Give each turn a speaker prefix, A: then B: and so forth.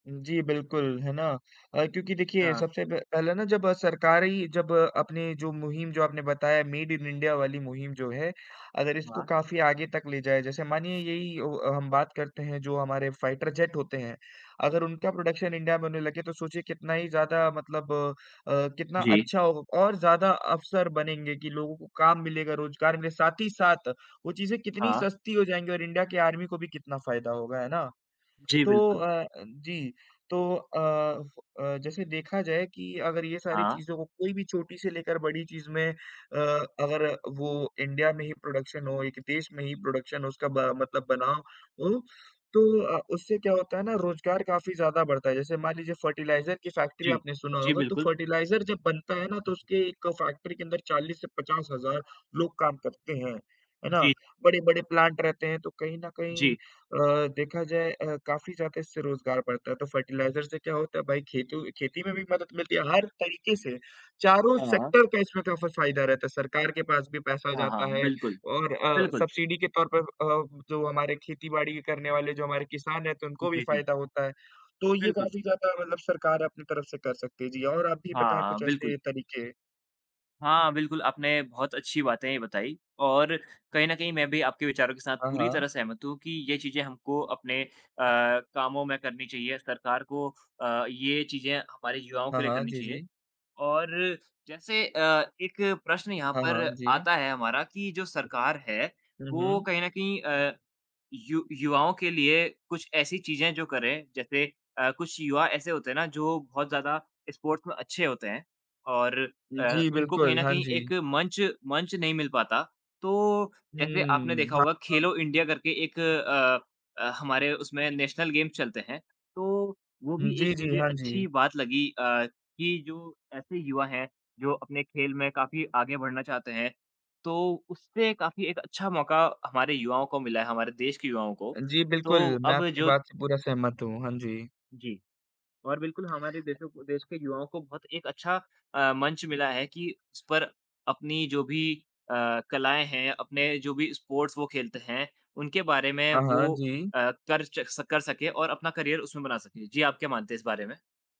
A: हुँ, जी, बिल्कुल, है ना? अ, क्योंकि देखिए
B: हाँ।
A: सबसे प पहले ना जब सरकार ही जब अपने जो मुहिम जो आपने बताया मेड इन इंडिया वाली मुहिम जो है, अगर इसको
B: हाँ।
A: काफ़ी आगे तक ले जाए। जैसे मानिए यही औ हम बात करते हैं जो हमारे फाइटर जेट होते हैं, अगर उनका प्रोडक्शन इंडिया में होने लगे तो सोचिए कितना ही ज़्यादा मतलब अ, कितना
B: जी।
A: अच्छा होगा और ज़्यादा अवसर बनेंगे कि लोगों को काम मिलेगा, रोजगार मिलेगा, साथ ही साथ वो चीज़ें कितनी
B: हाँ।
A: सस्ती जाएँगी और इंडिया के आर्मी को भी कितना फायदा होगा, है ना?
B: जी,
A: तो
B: बिल्कुल।
A: अ अ, जी तो अ अ, जैसे देखा जाए कि अगर ये सारी
B: हाँ।
A: चीज़ों को कोई भी छोटी से लेकर बड़ी चीज़ में अ, अगर वो इंडिया में ही प्रोडक्शन हो, एक देश में ही प्रोडक्शन हो उसका ब मतलब बना हो तो अ, उससे क्या होता है ना रोजगार काफ़ी ज़्यादा बढ़ता है। जैसे मान लीजिए फर्टिलाइज़र की फ़ैक्टरी
B: जी।
A: आपने सुना
B: जी,
A: होगा, तो
B: बिल्कुल।
A: फर्टिलाइज़र जब बनता है ना तो उसके एक फ़ैक्टरी के अंदर 40 से 50,000 लोग काम करते हैं। है ना?
B: जी।
A: बड़े-बड़े प्लांट रहते हैं तो कहीं न कहीं
B: जी।
A: अ, देखा जाए अ, काफ़ी ज़्यादा इससे रोजगार बढ़ता है, तो फर्टिलाइज़र से क्या होता है भाई खेती खेती में भी मदद मिलती है, हर तरीके से चारों
B: हाँ।
A: सेक्टर का इसमें का फ फायदा रहता है। सरकार के पास भी पैसा
B: हाँ,
A: जाता
B: हाँ,
A: है
B: बिल्कुल।
A: और अ,
B: बिल्कुल।
A: सब्सिडी के तौर पर अ, जो हमारे खेती-बाड़ी करने वाले जो हमारे किसान रहते हैं तो उनको भी
B: जी, जी।
A: फायदा होता है, तो ये
B: बिल्कुल।
A: काफ़ी ज़्यादा मतलब सरकार अपनी तरफ से कर सकती है जी और आप भी
B: हाँ,
A: बताएँ
B: हाँ,
A: कुछ ऐसे
B: बिल्कुल।
A: तरीके।
B: हाँ, बिल्कुल, आपने बहुत अच्छी बातें बताई, और कहीं न कहीं मैं भी आपके विचारों के साथ
A: हाँ,
B: पूरी
A: हाँ।
B: तरह सहमत हूँ कि ये चीजें हमको अपने अ, कामों में करनी चाहिए। सरकार को अ, ये चीजें हमारे युवाओं
A: हाँ,
B: के लिए
A: हाँ।
B: करनी
A: जी,
B: चाहिए।
A: जी।
B: और जैसे अ, एक प्रश्न यहाँ
A: हाँ,
B: पर
A: हाँ। जी।
B: आता है हमारा कि जो सरकार है
A: हुँ,
B: वो
A: हुँ।
B: कहीं न कहीं अ, यु युवाओं के लिए कुछ ऐसी चीज़ें जो करें, जैसे अ, कुछ युवा ऐसे होते हैं ना जो बहुत ज़्यादा स्पोर्ट्स में अच्छे होते हैं और
A: हुँ,
B: अ,
A: जी।
B: उनको कहीं
A: बिल्कुल,
B: न
A: हाँ
B: कहीं
A: जी।
B: एक मंच मंच नहीं मिल पाता, तो जैसे आपने
A: हुँ।
B: देखा
A: हाँ,
B: होगा
A: हाँ।
B: खेलो इंडिया करके एक अ अ, हमारे उसमें नेशनल गेम्स चलते हैं तो वो
A: हुँ,
B: भी एक
A: जी, जी।
B: मुझे
A: हाँ
B: अच्छी
A: जी।
B: बात लगी अ, कि जो ऐसे युवा हैं जो अपने खेल में काफ़ी आगे बढ़ना चाहते हैं तो उससे काफ़ी एक अच्छा मौका हमारे युवाओं को मिला है, हमारे देश के युवाओं को।
A: अ, जी
B: तो
A: बिल्कुल। मैं
B: अब
A: आपकी
B: जो
A: बात से पूरा सहमत हूँ। हाँ जी।
B: जी। और बिल्कुल हमारे देशों देश के युवाओं को बहुत एक अच्छा अ, मंच मिला है कि उस पर अपनी जो भी अ, कलाएँ हैं, अपने जो भी स्पोर्ट्स वो खेलते हैं उनके बारे में
A: हाँ, हाँ।
B: वो
A: जी।
B: अ, कर च कर सकें और अपना करियर उसमें बना सकें। जी आप क्या मानते हैं इस बारे में?